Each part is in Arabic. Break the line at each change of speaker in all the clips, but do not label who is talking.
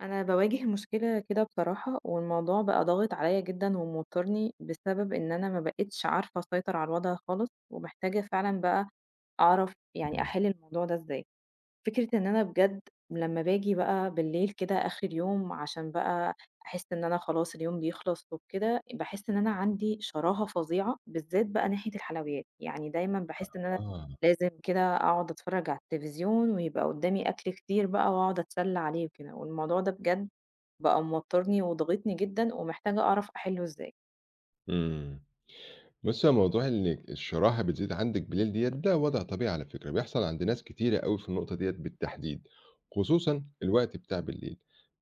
أنا باواجِه مشكلة كده بصراحة والموضوع بقى ضاغط عليّا جدًا وموتّرني، بسبب إن أنا ما بقيتش عارفة أسيطر على الوضع خالص ومحتاجة فعلًا بقى أعرف يعني
إمم.
أحِل الموضوع ده إزاي. فكرة إن أنا بجد لمّا باجي بقى بالليل كده آخِر اليوم عشان بقى أحس إن أنا خلاص اليوم بيخلص وبكده، باحس إن أنا عندي شراهة فظيعة بالذّات بقى ناحية الحلويات. يعني دايمًا
آ
باحس إن أنا
آه.
لازم كده أقعُد أتفرّج على التليفزيون ويبقى قُدّامي أكل كتير بقى وأقعُد أتسلّى عليه وكده، والموضوع ده بجد بقى موتّرني وضاغطني جدًا ومحتاجة أعرف أحِلّه إزاي.
إمم. بُصّي، هو موضوع إنِّك الشراهة بتزيد عندِك بالليل ديّة، ده وضع طبيعي على فكرة بيحصل عند ناس كتيرة أوي في النقطة دِيّة بالتحديد، خصوصًا الوقت بتاع بالليل.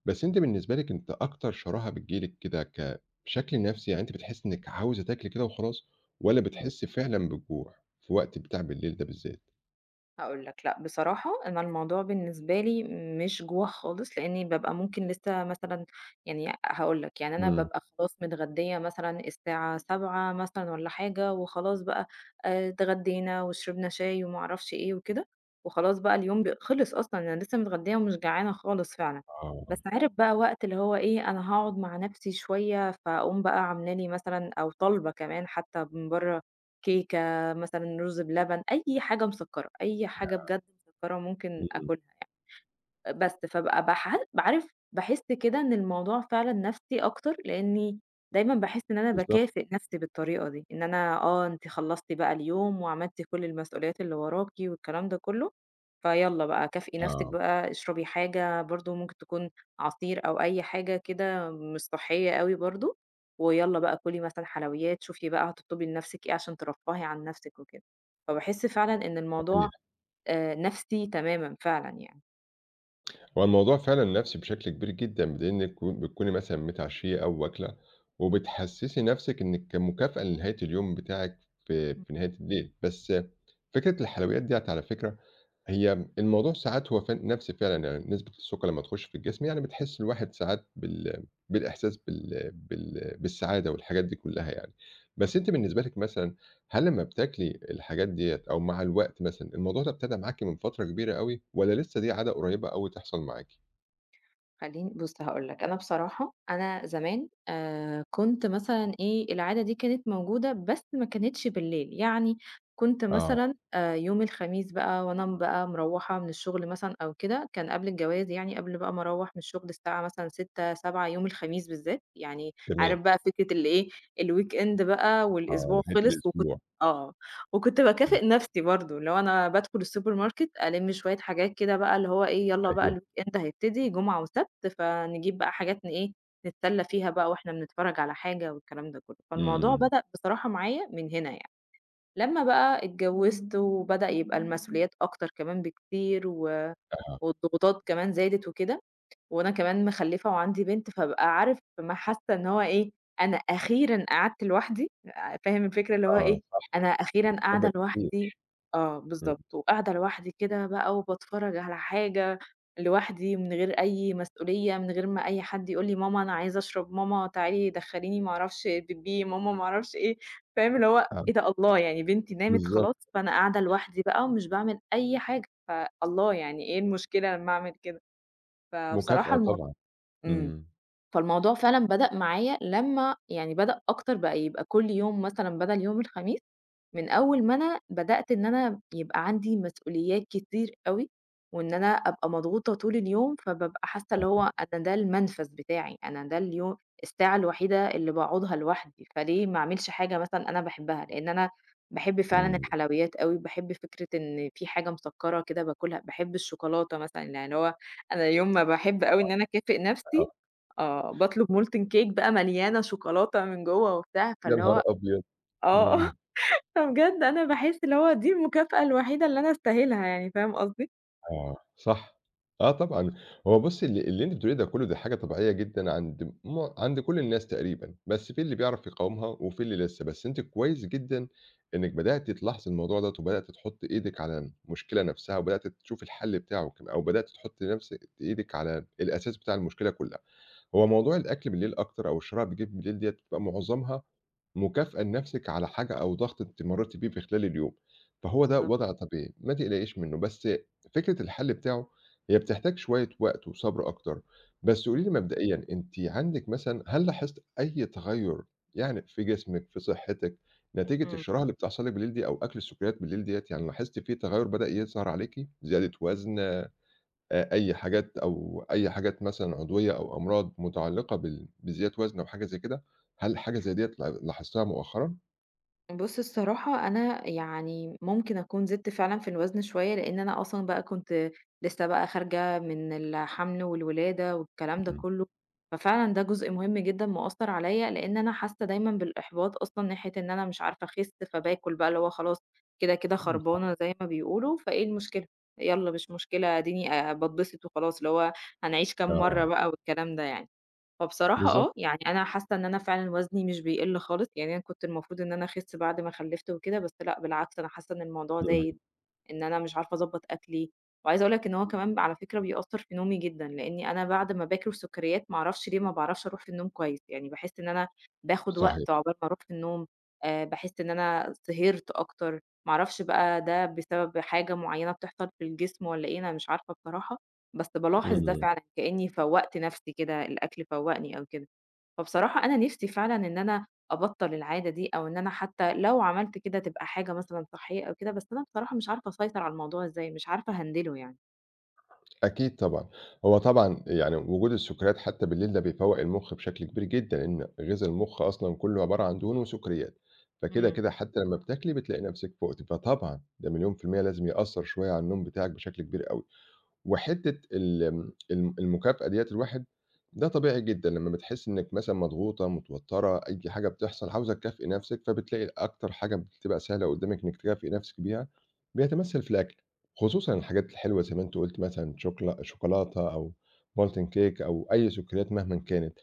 بس أنتِ بالنسبة لِك أنتِ أكتر شراهة بتيجي لِك كده ك بشكل نَفْسي، يعني أنتِ بتحسّي إنِّك عاوزة تاكلي كده وخلاص، والّا
إمم.
بتحسّي فعلًا بالجوع في الوقت بتاع بالليل ده بالذّات؟
هاقول لك، لأ بصراحة أنا الموضوع بالنسبة لي مش جوع خالص لإنّي بابقى ممكن لسّه مثلًا يعني أ هاقول لك، يعني أنا
إمم.
بابقى خلاص متغدّية مثلًا الساعة 19:00 مثلًا والّا حاجة وخلاص بقى آآ اتغدّينا وشربنا شاي وما أعرفش إيه وكده وخلاص بقى اليوم ب خِلِص أصلًا، أنا لسّه متغدّية ومش جعانة خالص فعلًا.
آه.
بس عارف بقى وقت اللي هو إيه، أنا هاقعُد مع نَفْسي شوية فأقوم بقى عامله لي مثلًا أو طالبة كمان حتّى من برّه كيكة، مثلًا رُز بلبن، أي حاجة مسكّرة، أي حاجة
ياه!
بجد مسكّرة ممكن
إمم.
آكُلها يع آآ بس، فابقى باحال ب عارف، باحس كده إن الموضوع فعلًا نَفْسي أكتر لإنّي دايمًا باحس إن أنا
بالضبط.
باكافئ نَفْسي بالطريقة دي، إن أنا آه، أنتِ خلصتِ بقى اليوم وعملتِ كل المسئوليات اللي وراكِ والكلام ده كُلّه، فيالّا بقى كافئي نَفْسِك
آه.
بقى، اشربي حاجة برضه ممكن تكون عصير أو أي حاجة كده مش صحّية أوي برضه ويالّا بقى كُلي مثلًا حلويات، شوفي بقى هتطلُبي لنَفْسِك إيه عشان ترفَّهي عن نَفْسِك وكده. فباحس فعلًا إن الموضوع
طبيعي.
آآ نَفْسي تمامًا فعلًا يعني.
هو الموضوع فعلًا نَفْسي بشكل كبير جدًا، بدليل إنِّك و بتكوني مثلًا متعشيّة أو واكلة، وبتحسِّسي نَفْسِك إنِّك كمكافأة لنهاية اليوم بتاعِك، في في نهاية الليل، بس فكرة الحلويّات ديَّة على فكرة، هي الموضوع ساعات هو فن نَفْسي فعلًا يعني نسبة السكّر لمّا تخُشّ في الجسم يعني بتحس الواحد ساعات بال بالإحساس بال بال بالسعادة والحاجات دي كلّها يعني،
امم.
بس أنتِ بالنسبة لِك مثلًا، هل لمّا بتاكلي الحاجات ديَّة أو مع الوقت مثلًا الموضوع ده ابتدى معاكِ من فترة كبيرة أوي، والَّا لسّه دي عادة قريبة أوي تحصل معاكِ؟
خليني بُصّ، هاقول لك أنا بصراحة، أنا زمان، آآ، كُنت مثلًا إيه العادة دي كانت موجودة بس ما كانتش بالليل يعني، كُنت
آه.
مثلًا آآ، يوم الخميس بقى وأنا بقى مرَوّحة من الشغل مثلًا أو كده، كان قبل الجواز يعني قبل بقى ما أروّح من الشغل الساعة مثلًا 18:00 19:00 يوم الخميس بالذات، يعني
تمام.
عارف بقى فكرة اللي إيه، الweekend بقى
آه،
والأسبوع
نهاية
خلص وكُنت
الأسبوع.
آه، وكُنت
امم.
باكافئ نَفْسي برضه اللي هو أنا بادخل السوبر ماركت ألِمّ شويّة حاجات كده بقى اللي هو إيه يلّا بقى
أيوه.
الweekend هيبتدي جمعة وسبت فنجيب بقى حاجات ن إيه، نتسلى فيها بقى وإحنا بنتفرّج على حاجة والكلام ده كلّه، فالموضوع
امم.
بدأ بصراحة معايا من هنا يعني، لمّا بقى اتجوّزت وبدأ يبقى المسئوليات أكتر كمان بكتير و
أها.
والضغوطات كمان زادت وكده، وأنا كمان مخلّفة وعندي بنت، فبابقى عارف ما حاسّة إن هو إيه أنا أخيرًا قعدت لوحدي آآ، فاهم الفكرة اللي هو
آه
إيه،
صح،
أنا أخيرًا قاعدة
[unintelligible] كتير.
لوحدي آه
امم.
بالضبط، وقاعدة لوحدي كده بقى وباتفرّج على حاجة لوحدي من غير أي مسئولية من غير ما أي حد يقول لي ماما أنا عايز أشرب، ماما تعالي دخليني ما أعرفش بيبّي، ماما ما أعرفش إيه، فاهم اللي هو إيه
[unintelligible]
ده الله يعني بنتي نامت
بالضبط.
خلاص، فأنا قاعدة لوحدي بقى ومش باعمل أي حاجة ف الله يعني إيه المشكلة لمّا أعمل كده، فبصراحة
مكافأة
الم
طبعًا،
امم،
امم.
فالموضوع فعلًا بدأ معايا لمّا يعني بدأ أكتر بقى يبقى كُلّ يوم مثلًا بَدَل يوم الخميس، من أوّل ما أنا بدأت إن أنا يبقى عندي مسئوليات كتير أوي، وإن أنا أبقى مضغوطة طول اليوم، فبابقى حاسّة اللي
أها.
هو أنا ده المنفَذ بتاعي أنا ده اليو الساعة الوحيدة اللي باقعدها لوحدي، فليه ما أعملش حاجة مثلًا أنا باحبها لإن أنا باحب فعلًا
امم.
الحلويّات أوي، باحب فكرة إن في حاجة مسكّرة كده باكلها، باحب الشوكولاتة مثلًا، يعني اللي هو، أنا يوم ما باحب أوي
طبعًا،
إن أنا أكافئ
أها.
نَفْسي، آه، باطلب molten cake بقى مليانة شوكولاتة من جوّه وبتاع
يا
فاللي
نهار
هو،
أبيض!
آه
امم.
فبجد أنا باحِس اللي هو دي المكافأة الوحيدة اللي أنا أستاهلها يعني فاهم قصدي؟
آه، صح، آه طبعًا هو بُصّي، اللي اللي أنتِ بتقوليه ده كلّه، دي حاجة طبيعية جدًا عند مع عند كل الناس تقريبًا، بس فيه اللي بيعرف يقاومها، وفيه اللي لسه، بس أنتِ كويس جدًا إنِّك بدأتِ تلاحظي الموضوع دَوّة، وبدأتِ تحطّي إيدِك على المشكلة نَفْسها، وبدأتِ تشوفي الحلّ بتاعه كم أو بدأتِ تحطي نَفْسِ إيدِك على الأساس بتاع المشكلة كلّها. هو موضوع الأكل بالليل أكتر، أو الشراهة اللي بتيجي لِك بالليل دِيّة، بتبقى معظمها مكافأة لنَفْسِك على حاجة، أو ضغط أنتِ مرّيتِ بيه في خلال اليوم، فهو ده
بالضبط.
وضع طبيعي، ما تقلقيش منُّه، بس فكرة الحلّ بتاعه، هي بتحتاج شوية وقت، وصبر أكتر، بس قولي
إمم.
لي مبدئيًا، أنتِ عندِك مثلًا، هل لاحظتِ أي تغيُّر يعني في جسمِك، في صحتِك، نتيجة
إمم.
الشراهة اللي بتحصل لِك بالليل دي، أو أكل السكّريّات بالليل دِيّة يعني، لاحظتِ في تغيُّر بدأ يظهر عليكِ؟ زيادة وزن، آآ أي حاجات، أو أي حاجات مثلًا عضوية، أو أمراض متعلّقة بال بزيادة وزن، أو حاجة زي كده، هل حاجة زَيّ دِيّة ل لاحظتيها مؤخرًا؟
بُص، الصراحة أنا يعني ممكن أكون زدت فعلًا في الوزن شوية، لإن أنا أصلًا بقى كنت لسه بقى خارجة من الحمل والولادة والكلام ده
إمم.
كلّه، ففعلًا ده جزء مهم جدًا مأثّر عليّا، لإن أنا حاسّة دايمًا بالإحباط أصلًا ناحية إن أنا مش عارفة أخسّ، فباكل بقى اللي هو خلاص كده، كده
إمم صح.
خربانة زي ما بيقولوا، فإيه المشكلة؟ يالّا مش مشكلة، آديني آآ باتبسط وخلاص، اللي هو هنعيش كام مَرّة
آه.
بقى والكلام ده يعني، فبصراحة
بالضبط.
آه، يعني أنا حاسّة إن أنا فعلًا وزني مش بيقِل خالص، يعني أنا كنت المفروض إن أنا أخسّ بعد ما خلّفت وكده، بس لأ، بالعكس أنا حاسّة إن الموضوع
امم.
زايد، إن أنا مش عارفة أضبّط أكلي، وعايزة أقول لك إن هو كمان بقى على فكرة بيأثّر في نومي جدًا، لإنّي أنا بعد ما باكل سكّريّات، ما أعرفش ليه ما باعرفش أروح في النوم كويس يعني، باحسّ إن أنا باخد وقت
صحيح.
عقبال ما أروح في النوم، آآ باحس إن أنا سِهرت أكتر، ما أعرفش بقى ده بسبب حاجة معيّنة بتحصل في الجسم والّا إيه، أنا مش عارفة بصراحة، بس بالاحظ ده
إمم.
فعلًا، كإنّي فوّقت نَفْسي كده، الأكل فوّقني أو كده، فبصراحة أنا نفْسي فعلًاً إن أنا أبطّل العادة دي، أو إن أنا حتى لو عملت كده، تبقى حاجة مثلًاً صحّية أو كده، بس أنا بصراحة مش عارفة أسيطر على الموضوع إزاي؟ مش عارفة أهندله يعني.
أكيد طبعًا، هو طبعًا، يعني وجود السكريات حتّى بالليل ده بيفوّق المخ بشكل كبير جدًا، لأن غذا المخ أصلًا كُلّه عبارة عن دهون وسكريات، فكده
إمم.
كده حتّى لمّا بتاكلي بتلاقي نفسِك فُقتِ، فطبعًا، ده مليون في الميّة لازم يأثّر شوية على النوم بتاعِك بشكل كبير أوي. وحتّة ال ال المكافأة ديَّة الواحد، ده طبيعي جدًا لمّا بتحسّي إنِّك مثلًا مضغوطة، متوترة، أي حاجة بتحصل، عاوزة تكافئي نفسِك، فبتلاقي أكتر حاجة بتبقى سهلة قدّامِك إنِّك تكافئي نفسِك بيها، بيتمثّل في الأكل، خصوصًا
امم.
الحاجات الحلوة، زي ما أنتِ قُلتِ مثلًا، شوكلا شوكولاتة أو molten
امم.
cake أو أي سكريات مهمًا كانت،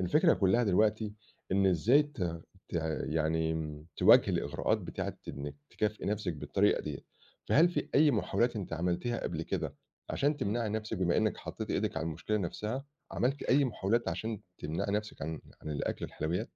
الفكرة كلّها دلوقتي إن إزاي ت ت يعني تواجهي الإغراءات بتاعة إنِّك تكافئي نفسِك بالطريقة ديَّة، فهل في أي محاولات أنتِ عملتيها قبل كده علشان
إمم.
تمنعي نفسِك، بما إنِّك حطيتِ إيدِك على المشكلة نفسها؟ عملتِ أي محاولات عشان تمنعي نفسك عن عن الأكل الحلويات؟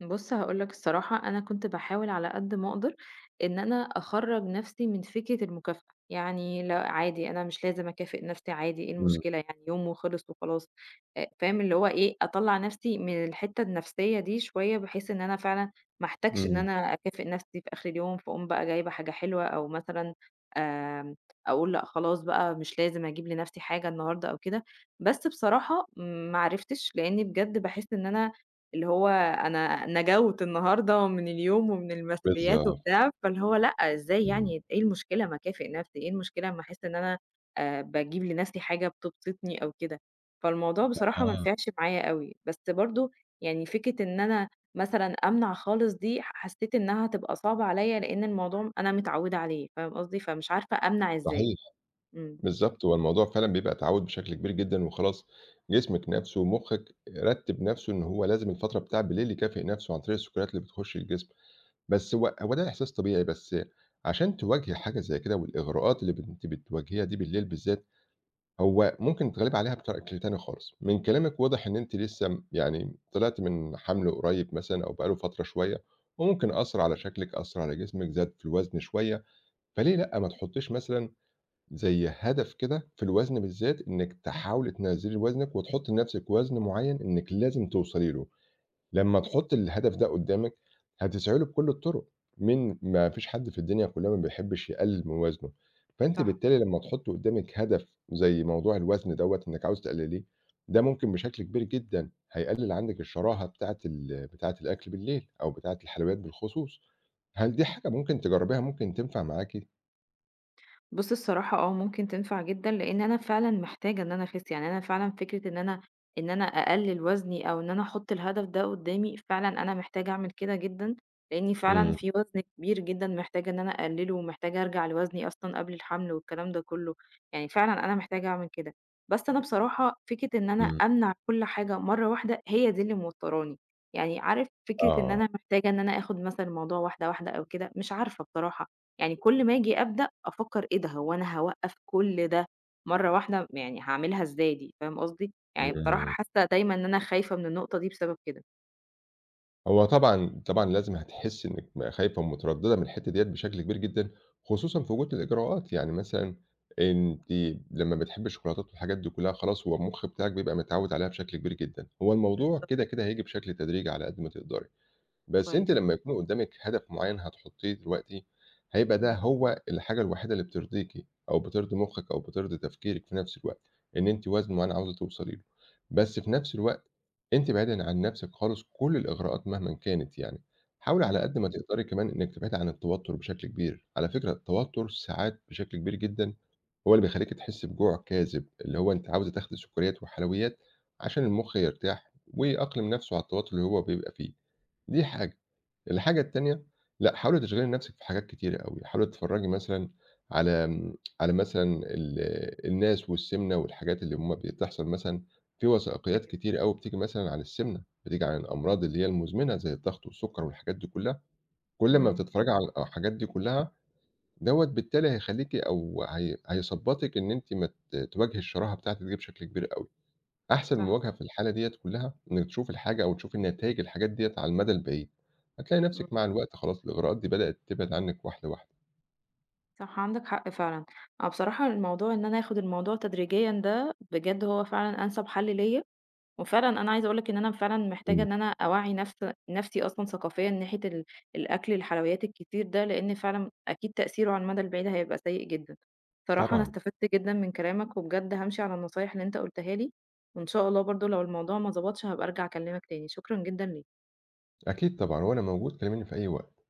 بُصّ، هاقول لَك الصراحة أنا كنت باحاول على قد ما أقدر، إن أنا أخرّج نفسي من فكرة المكافأة، يعني لأ عادي أنا مش لازم أكافئ نفسي، عادي إيه
إمم.
المشكلة يعني يوم وخلِص وخلاص، آآ، فاهم اللي هو إيه أطلّع نفسي من الحتّة النفسية دي شوية، بحيث إن أنا فعلًاً ما أحتاجش إن
إمم.
أنا أكافئ نفسي في آخر اليوم، فاقوم بقى جايبة حاجة حلوة، أو مثلًا، آآ، أقول لأ خلاص بقى مش لازم أجيب لنفسي حاجة النهارده أو كده، بس بصراحة ما عرفتش، لإن بجد باحس إن أنا اللي هو أنا نَجَوت النهارده من اليوم، ومن المسؤوليات
بالضبط.
وبتاع، فاللي هو لأ، إزاي
إمم.
يعني، إيه المشكلة؟ ما أكافئ نفسي إيه المشكلة أما أحس إن أنا، آآ، باجيب لنفسي حاجة بتبسطني أو كده فالموضوع بصراحة ما
آه.
نفعش معايا أوي، بس برضه يعني فكرة إن أنا مثلًا أمنع خالص دي، حسّيت إنها هتبقى صعبة عليَّ، لإن الموضوع أنا متعوّدة عليه، فاهم قصدي؟ فمش عارفة أمنع إزاي،
صحيح،
إمم.
بالضبط هو الموضوع فعلًا بيبقى تعوّد بشكل كبير جدًا، وخلاص جسمِك نَفْسه ومخِّك رتّب نفسه إن هو لازم الفترة بتاعة بالليل يكافئ نفسه عن طريق السكريات اللي بتخُشّ الجسم، بس هو هو ده إحساس طبيعي، بس عشان تواجهي حاجة زي كده والإغراءات اللي بت أنتِ بتواجهيها دي بالليل بالذات، هو ممكن تتغلّبي عليها بشكل تاني خالص. من كلامِك واضح إن أنتِ لسّه يعني، طلعتِ من حَمل قريب مثلًا، أو بقى له فترة شوية، وممكن
إمم.
أثّر على شكلِك، أثّر على جسمِك، زاد في الوزن شوية، فليه لأ، ما تحطّيش مثلًا زي هدف كده في الوزن بالذات إنِّك تحاولي تنزّلي وزنِك، وتحطّي لنفسِك وزن معيّن إنِّك لازم توصلي له، لمّا تحطّي الهدف ده قدّامِك، هتسعي له بكُلّ الطرق، مين ما فيش حد في الدنيا كلّها ما بيحبش يقلِّل من وزنه. فأنتِ
صح.
بالتالي لمّا تحطّي قدّامِك هدف زي موضوع الوزن دوَّة إنِّك عاوزة تقلِّليه، ده ممكن بشكل كبير جدًا هيقلِّل عندِك الشراهة بتاعة ال بتاعة الأكل بالليل، أو بتاعة الحلويات بالخصوص، هل دي حاجة ممكن تجرّبيها، ممكن تنفع معاكِ؟
بُص، الصراحة آه، ممكن تنفع جدًا، لإن أنا فعلًا محتاجة إن أنا أخِس، يعني أنا فعلًا فكرة إن أنا إن أنا أقلِّل وزْني أو إن أنا أحط الهدف ده قدامي، فعلًا أنا محتاجة أعمل كده جدًا، لإن فعلًا
إمم.
في وزْن كبير جدًا محتاجة إن أنا أقلّله ومحتاجة أرجع لوزْني أصلًا قبل الحمْل والكلام ده كلّه، يعني فعلًا أنا محتاجة أعمل كده. بس أنا بصراحة فكرة إن أنا
إمم.
أمنع كل حاجة مرة واحدة، هي دي اللي موتّراني، يعني عارف فكرة إن أنا
آه.
محتاجة إن أنا آخد مثلًا الموضوع واحدة واحدة أو كده، مش عارفة بصراحة، يعني كل ما آجي أبدأ، أفكّر "إيه ده؟ هو أنا هاوقّف كل ده مرة واحدة، يعني هاعملها إزاي دي؟!" فاهم قصدي؟ يعني بصراحة
إمم.
حاسّة دايمًا إن أنا خايفة من النقطة دي بسبب كده.
هو طبعًا طبعًا لازم هتحسّي إنِّك خايفة ومتردّدة من الحتّة ديّة بشكل كبير جدًا، خصوصًا في وجود الإغراءات يعني مثلًا، أنتِ لمّا بتحبّي الشوكولاتات والحاجات دي كلّها خلاص هو المخ بتاعِك بيبقى متعوّد عليها بشكل كبير جدًا، هو الموضوع
بالضبط.
كده، كده هييجي بشكل تدريجي على قد ما تقدري. بس أنتِ
كويس.
لمّا يكون قدّامِك هدف معين هتحطّيه دلوقتي، هيبقى
إمم.
ده هو الحاجة الوحيدة اللي بترضيكِ، أو بترضي مُخِّك أو بترضي تفكيرِك في نَفْس الوقت، إن أنتِ وزْن معيّن عاوزة توصلي له، بس في نَفْس الوقت أنتِ اِبعدي عن نَفْسِك خالص كل الإغراءات مهمًا كانت يعني، حاولي على
إمم.
قد ما تقدري كمان إنِّك تبعدي عن التوتّر بشكل كبير، على فكرة التوتّر ساعات بشكل كبير جدًا، هو اللي بيخلّيكِ تحسّي بجوع كاذب، اللي هو أنتِ عاوزة تاخدي سُكّريّات وحلويات، عشان المخ يرتاح ويأقلم نَفْسه على التوتّر اللي هو بيبقى فيه، دي حاجة، الحاجة التانية لأ حاولي تشغِلي نَفْسِك في حاجات كتيرة أوي، حاولي تتفرّجي مثلًا على إمم، على مثلًا ال الناس والسِمْنة والحاجات اللي هُم بتحصل مثلًا، في وَثائقيّات
أيوه صح.
كتيرة أوي بتيجي مثلًا عن السِمْنة، بتيجي عن الأمراض اللي هي المُزْمنة، زي الضغط والسُكّر والحاجات دي كلّها، كل ما
إمم.
بتتفرّجي على الحاجات دي كلّها، دوّة بالتالي هيخلّيكِ أو ه هيثبطِك إن أنتِ ما ت تواجهي الشراهة بتاعتِك دي بشكل كبير أوي. أحسن
صح.
مواجهة في الحالة ديّة كلّها، إنِّك تشوفي الحاجة أو تشوفي النتايج الحاجات ديّة على المدى البعيد، هتلاقي
إمم.
نَفْسِك مع الوقت خلاص الإغراءات دي بدأت تبعد عنِّك واحدة واحدة.
صح عندك حق فعلًا، أنا بصراحة الموضوع إن أنا آخد الموضوع تدريجيًّا ده بجد هو فعلًا أنسب حل ليّا، وفعلًا أنا عايزة أقول لك إن أنا فعلًا محتاجة
إمم.
إن أنا أوعّي نفس نَفْسي أصلًا ثقافيًا ناحية ال الأكل الحلويات الكتير ده، لإن فعلًا أكيد تأثيره على المدى البعيد هيبقى سيء جدًا. بصراحة أنا
طبعًا.
استفدت جدًا من كلامك وبجد هامشي على النصايح اللي أنت قُلتها لي، وإن شاء الله برضه لو الموضوع ما ضبطش هابقى أرجع أكلّمك تاني، شكرًا جدًا ليك.
أكيد طبعًا، وأنا موجود كلّميني في أي وقت.